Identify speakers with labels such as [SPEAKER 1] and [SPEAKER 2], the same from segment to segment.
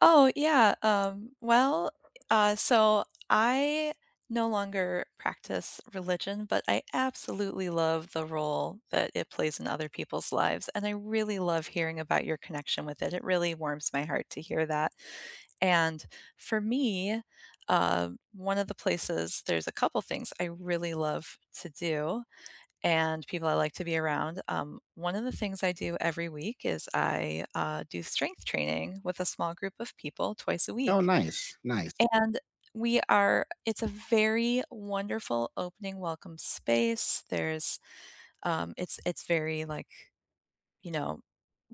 [SPEAKER 1] Oh, yeah, um, well, uh, so I no longer practice religion, but I absolutely love the role that it plays in other people's lives, and I really love hearing about your connection with it, it really warms my heart to hear that, and for me, uh, one of the places there's a couple things I really love to do, and people I like to be around, um, one of the things I do every week is I, uh, do strength training with a small group of people twice a
[SPEAKER 2] Oh,
[SPEAKER 1] week,
[SPEAKER 2] nice, nice.
[SPEAKER 1] and we are it's a very wonderful opening welcome space, there's, um, it's it's very, like, you know,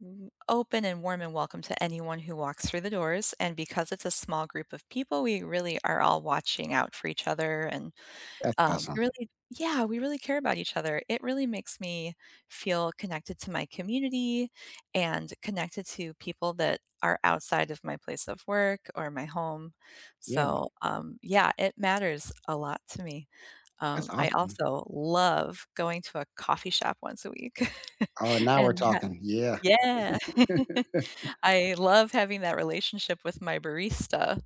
[SPEAKER 1] m open and warm and welcome to anyone who walks through the doors, and because it's a small group of people, we really are all watching out for each other and,
[SPEAKER 2] That's
[SPEAKER 1] um,
[SPEAKER 2] awesome.
[SPEAKER 1] really yeah, we really care about each other. It really makes me feel connected to my community and connected to people that are outside of my place of work or my home,
[SPEAKER 2] Yeah.
[SPEAKER 1] so, um, yeah, it matters a lot to me,
[SPEAKER 2] That's
[SPEAKER 1] um, I
[SPEAKER 2] awesome.
[SPEAKER 1] also love going to a coffee shop once a week
[SPEAKER 2] Oh, now we're
[SPEAKER 1] and h
[SPEAKER 2] talking, yeah.
[SPEAKER 1] yeah. I love having that relationship with my barista,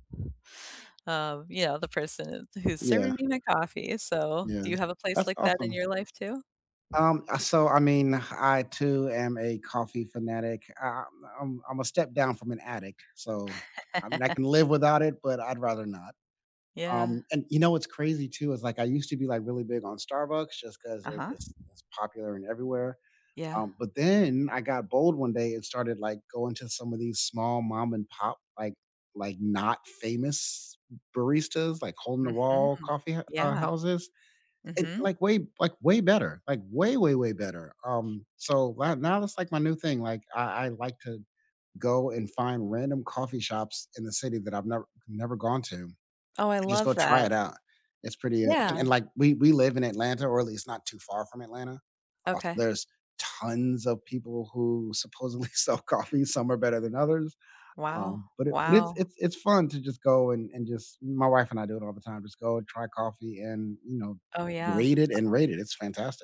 [SPEAKER 1] um, you know, the person who's
[SPEAKER 2] Yeah.
[SPEAKER 1] serving me my coffee, so do
[SPEAKER 2] Yeah,
[SPEAKER 1] you have a place
[SPEAKER 2] that's
[SPEAKER 1] like that in
[SPEAKER 2] awesome.
[SPEAKER 1] your life too?
[SPEAKER 2] Um, I so, I mean, I too am a coffee fanatic. I I'm I'm a step down from an addict, so, I mean, I can live without it, but I'd rather not,
[SPEAKER 1] Yeah.
[SPEAKER 2] um, and you know what's crazy too? Is, like, I used to be, like, really big on Starbucks just 'cause they're
[SPEAKER 1] Uh-huh.
[SPEAKER 2] just just popular and everywhere,
[SPEAKER 1] Yeah.
[SPEAKER 2] um, but then I got bold one day and started, like, going to some of these small mom and pop, like like not famous baristas, like, hole in the
[SPEAKER 1] Mhm.
[SPEAKER 2] wall coffee hou
[SPEAKER 1] Yeah.
[SPEAKER 2] houses, and,
[SPEAKER 1] Mhm.
[SPEAKER 2] like, way, like, way better, like, way way way better, um, so, right now it's, like, my new thing, like, I I like to go and find random coffee shops in the city that I've never never gone to, and
[SPEAKER 1] Oh, I
[SPEAKER 2] just
[SPEAKER 1] love
[SPEAKER 2] go try
[SPEAKER 1] that.
[SPEAKER 2] it out. It's pretty, uh and
[SPEAKER 1] Yeah.
[SPEAKER 2] and, like, we we live in Atlanta, or at least not too far from Atlanta, als
[SPEAKER 1] Okay.
[SPEAKER 2] there's tons of people who supposedly sell coffees, and some are better than others,
[SPEAKER 1] Wow,
[SPEAKER 2] um, but it but it's
[SPEAKER 1] wow.
[SPEAKER 2] it's it's fun to just go and and just my wife and I do it all the time, just go and try coffee and, you know,
[SPEAKER 1] Oh yeah.
[SPEAKER 2] rate it and rate it, it's fantastic.